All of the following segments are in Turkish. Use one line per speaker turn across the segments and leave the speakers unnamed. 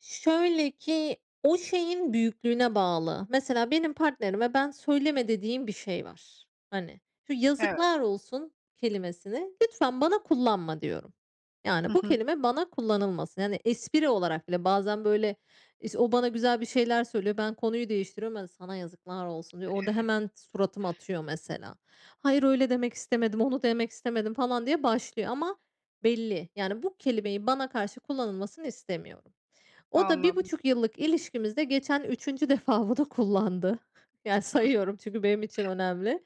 Şöyle ki o şeyin büyüklüğüne bağlı. Mesela benim partnerime ben, "Söyleme." dediğim bir şey var, hani. "Şu
Evet.
yazıklar olsun kelimesini lütfen bana kullanma." diyorum.
Hı
Yani bu
hı.
kelime bana kullanılmasın. Yani espri olarak bile. Bazen böyle, iş o bana güzel bir şeyler söylüyor, ben konuyu değiştiriyorum, "Ya, sana yazıklar olsun." diyor. Orada hemen suratım atıyor mesela. "Hayır, öyle demek istemedim, onu demek istemedim." falan diye başlıyor ama belli. Yani bu kelimeyi bana karşı kullanılmasını istemiyorum. O da bir
Anladım.
buçuk yıllık ilişkimizde geçen 3'üncü defa bunu kullandı. Yani sayıyorum çünkü benim için
[unintelligible]
önemli.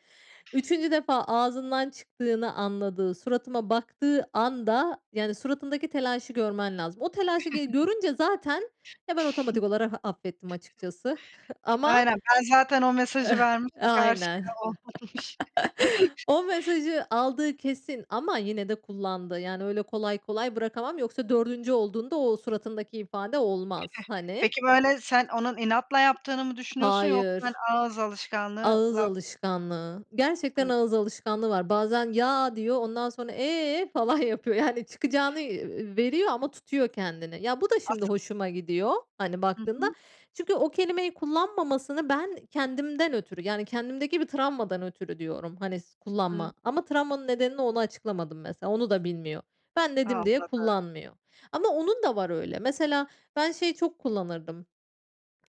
3'üncü defa ağzından çıktığını anladığı, suratıma baktığı anda, yani suratındaki telaşı görmen lazım. O telaşı, g görünce zaten, ya, ben otomatik olarak affettim açıkçası.
[unintelligible]
Ama
Aynen, ben zaten o mesajı
E
vermişim karşıya,
aynen.
olmamış.
O mesajı aldığı kesin ama yine de kullandı. Yani öyle kolay kolay bırakamam yoksa 4'ncü olduğunda o suratındaki ifade
Değil
olmaz.
mi?
Hani.
Peki böyle, sen onun inatla yaptığını mı düşünüyorsun yoksa, hani,
Hayır.
ağız alışkanlığı
Ağız
la?
alışkanlığı. Gerçekten
Hı.
ağız alışkanlığı var. Bazen, "ya" diyor, ondan sonra, "eee" falan yapıyor. Yani çıkacağını, ııı, veriyor ama tutuyor kendini. Ya, bu da şimdi
Asıl
hoşuma gidiyor, hani,
Hı
baktığında.
hı.
Çünkü o kelimeyi kullanmamasını ben kendimden ötürü yani kendimdeki bir travmadan ötürü diyorum, hani s "Kullanma."
Hıı.
Ama travmanın nedenini ona açıklamadım mesela, onu da bilmiyor. Ben dedim diye
Anladım.
kullanmıyor. Ama onun da var öyle. Mesela ben şeyi çok kullanırdım,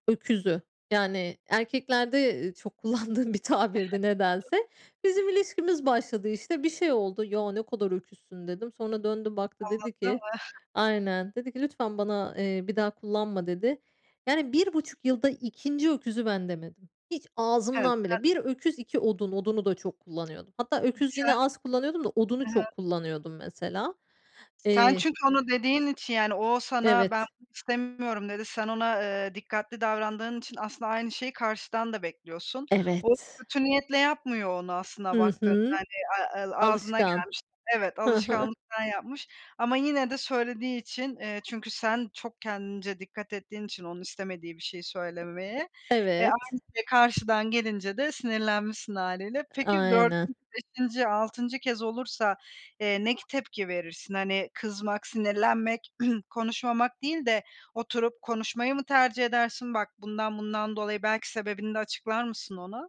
öküzü. Yani erkeklerde, ııı, çok kullandığım bir tabirdi nedense. Bizim
[unintelligible]
ilişkimiz başladı, işte, bir şey oldu. "Ya, ne kadar öküzsün." dedim. Sonra döndü, baktı, dedi
Anladım.
ki Aynen, dedi ki: "Lütfen bana, eee, bir daha kullanma." dedi. Yani 1,5 yılda 2'nci öküzü ben demedim. Hiç,
Evet,
ağzımdan
sen
bile. 1 öküz, 2 odun. Odunu da çok kullanıyordum. Hatta öküz yine
[unintelligible]
az kullanıyordum da odunu
Hı hı.
çok kullanıyordum mesela.
Sen
Eee
çünkü onu dediğin için yani o sana, "Ben
Evet.
bunu istemiyorum." dedi. Sen ona, eee, dikkatli davrandığın için aslında aynı şeyi karşıdan da bekliyorsun. O,
Evet.
kötü niyetle yapmıyor onu aslında
Hı
baktığında,
hı.
hani, a el ağzına
Alışkan.
gelmiş Evet,
Hı hı.
alışkanlıktan yapmış ama yine de söylediği için, eee, çünkü sen çok kendince dikkat ettiğin için onun istemediği bir şeyi söylememeye. E,
Evet.
aynı şey karşıdan gelince de sinirlenmişsin hâliyle.
A
Peki, 4'üncü,
aynen.
5'inci, 6'ncı kez olursa, eee, ne k tepki verirsin? Hani, kızmak, sinirlenmek, konuşmamak değil de oturup konuşmayı mı tercih edersin? "Bak, bundan, bundan dolayı." belki sebebini de açıklar mısın ona?